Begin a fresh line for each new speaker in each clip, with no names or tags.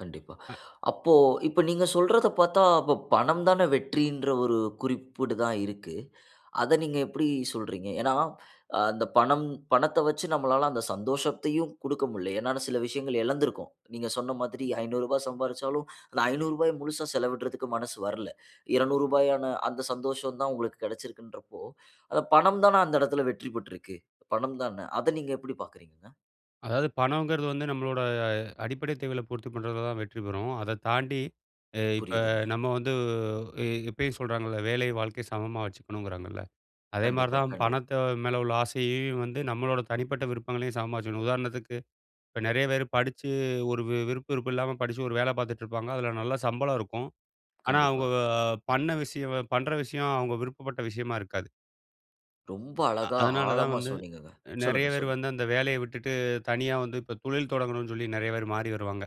கண்டிப்பா.
அ.
அப்போ இப்ப நீங்க சொல்றத பாத்தா அப்போ பணம் தான வெற்றின்ற ஒரு குறிப்பிடு தான் இருக்கு. அத நீங்க எப்படி சொல்றீங்க? ஏன்னா அந்தப் பணம் பணத்த வச்சு நம்மளால அந்த சந்தோஷத்தையும் குடுக்க முடில. ஏன்னால சில விஷயங்கள் எழந்துருக்கோம். நீங்கச் சொன்ன மாதிரி ரூ. 500 சம்பாரிச்சாலும், அந்த ரூ. 500 முழுசா செலவிடுறதுக்கு மனசு வரல. ரூ. 200 அந்தச் சந்தோஷம் தான் உங்களுக்குக் கிடச்சிருக்குன்றப்போ, அது பணம் தான அந்த எடத்துல வெற்றி பெற்றிருக்கு. பணம் தான? அத நீங்க எப்படி பார்க்குறீங்கங்க?
அதாவது பணம்ங்கறது வந்து நம்மளோட அ அடிப்படை தேவைகள பூர்த்தி பண்றது தான் வெற்றி பெறும். அதத் தாண்டி எ இப்ப
புரியுதுங்க.
நம்ம வந்து உ எ எப்பயும் சொல்றாங்கல. வேலையும், வாழ்க்கையும் சமமா வச்சுக்கனும்ங்கிறாங்கல. அதே மாரி
கண்டிப்பா,
தான்
கண்டிப்
பணத்த மேல உள்ள ஆசையையும் வந்து நம்மளோட தனிப்பட்ட விருப்பங்களையும், சமமா வெச்சிக்கணும். உதாரணத்துக்கு, இப்ப நிறைய பேரு படிச்சு ஒரு விருப்பு இருப்பு இல்லாம படிச்சு ஒரு வேல பாத்துட்டு இருப்பாங்க. அதுல நல்ல சம்பளம் இருக்கும். ஆனா
கண்டிப்பா.
அவங்க பண்ண விஷயம் பண்ற விஷயம் அவங்க விருப்பப்பட்ட விஷயமா இருக்காது.
ரொம்ப
அ
அழகா
அதனால தான்
ஆழமா
வந்து,
சொன்னீங்கங்க.
நிறைய
சொல்லுங்க,
பேர்
சொல்லுங்
வந்து அந்த வேலைய விட்டுட்டு தனியா வந்து, இப்ப தொழில் தொடங்கணும்னு சொல்லி நிறைய பேரு மாறி வருவாங்க.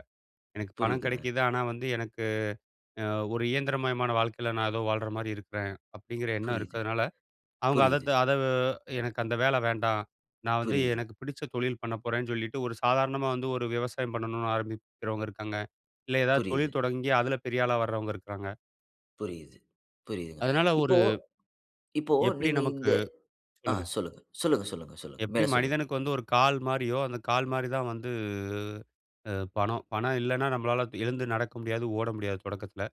எனக்குப் பணம்
புரியுதுங்க.
கிடைக்குது, ஆனா வந்து எனக்கு அ ஒரு இயந்திரமயமான வாழ்க்கைல நான் ஏதோ வாழுற மாரி இருக்குறேன் அப்படிங்கிற எண்ணம்
புரியுது.
இருக்குறனால, அவங்க அத
புரியுது.
த் அத எனக்கு அந்த வேலை வேண்டாம். நான் வந்து
புரியுது.
எனக்குப் பிடிச்ச தொழில் பண்ணப்போறேன்னு சொல்லிட்டு, ஒரு சாதாரணமா வந்து ஒரு விவசாயம் பண்ணணும்னு ஆரம்பிக்குறவங்க இருக்காங்க. இல்ல ஏதாது
புரியுது.
தொழில் தொடங்கி அதுல பெரியாளா வர்றவங்க இருக்குறாங்க.
புரியுது. புரியுதுங்க.
அதனால ஒரு,
இப்போ இப்போ
எப்படி
நீங்க
நமக்கு
இந்த ஆ
சொல்லுங்க.
சொல்லுங்க. சொல்லுங்க சொல்லுங்க சொல்லுங்க.
எப்படி
மேல சொல்லுங்க.
மனிதனுக்கு வந்து ஒரு கால் மாரியோ. அந்தக் கால் மாரி தான் வந்து அ பணம். பணம் இல்லன்னா நம்மளால எழுந்து நடக்க முடியாது, ஓட முடியாது தொடக்கத்துல.